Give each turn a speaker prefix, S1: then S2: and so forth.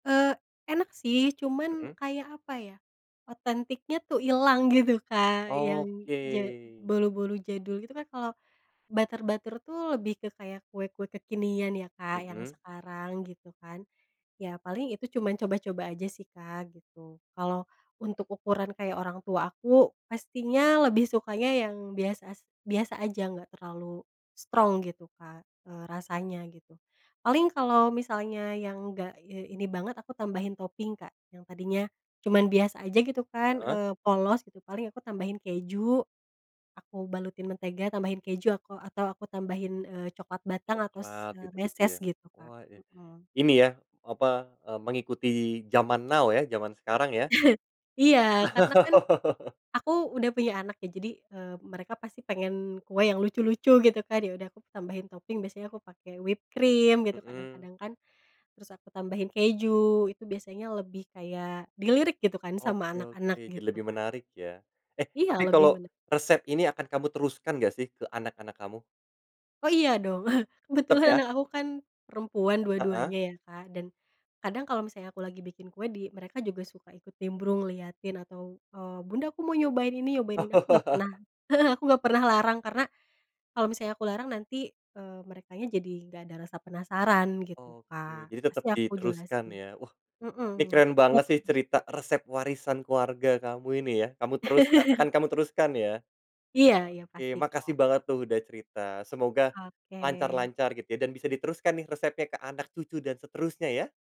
S1: Eee, enak sih, cuman
S2: Mhm.
S1: kayak, apa ya, otentiknya tuh ilang gitu, Kak, yang ja
S2: Oke.
S1: bolu-bolu jadul gitu kan, kalo butter-butter tuh, lebih ke kayak kue-kue kekinian ya, Kak, yang
S2: Mhm.
S1: sekarang, gitu kan. Ya, paling itu cuman coba-coba aja sih, Kak, gitu. Kalo untuk ukuran kayak orang tua aku, pastinya lebih sukanya yang bias as biasa aja, enggak terlalu strong gitu Kak, eee, rasanya, gitu. Paling kalo misalnya yang enggak, eee, ini banget aku tambahin toping Kak, yang tadinya cuman biasa aja gitu kan,
S2: Heeh.
S1: eee, polos gitu paling aku tambahin keju, aku balutin mentega, tambahin keju, aku atau aku tambahin, eee, coklat batang atau s
S2: Coklat,
S1: eee,
S2: gitu-gitu
S1: meses
S2: ya,
S1: gitu, Kak
S2: wah, e
S1: mhm.
S2: ini ya, apa, eee, mengikuti zaman now ya, zaman sekarang, ya.
S1: Iya, karena kan, aku udah punya anak ya jadi, eee, mereka pasti pengen kue yang lucu-lucu gitu kan, ya udah aku tambahin toping biasanya aku pake whipped cream gitu
S2: Mhm.
S1: kadang-kadang kan. Terus, aku tambahin keju, itu biasanya lebih kayak dilirik gitu kan, sama
S2: Oke, oke.
S1: anak-anak,
S2: Jadi
S1: gitu,
S2: lebih
S1: Kak.
S2: menarik, ya. Eh,
S1: Iya,
S2: tapi
S1: lebih
S2: kalo
S1: mene
S2: resep ini, akan kamu teruskan enggak sih ke anak-anak kamu?
S1: Oh, iya dong.
S2: Tetep,
S1: Kebetulan,
S2: ya.
S1: anak aku kan perempuan dua
S2: Heeh.
S1: duanya ya, Kak, dan kadang kalo misalnya aku lagi bikin kue di mereka juga suka ikut nimbrung liatin atau eee, "bunda aku mau nyobain ini, nyobain ini," aku enggak pernah heeh, aku enggak pernah larang karena, kalo misalnya aku larang nanti, eee, merekanya jadi enggak ada rasa penasaran, gitu, Kak,
S2: Oke. Jadi, tetep
S1: pasti aku
S2: diteruskan,
S1: jelasin
S2: ya. Wah, ini
S1: mhm.
S2: keren banget sih cerita resep warisan keluarga kamu ini ya, kamu teruskan akan kamu teruskan, ya.
S1: Iya iya,
S2: Oke,
S1: pasti,
S2: makasih
S1: Kak.
S2: banget tuh udah cerita, semoga
S1: Oke.
S2: lancar-lancar gitu ya dan bisa diteruskan nih resepnya ke anak cucu dan seterusnya, ya!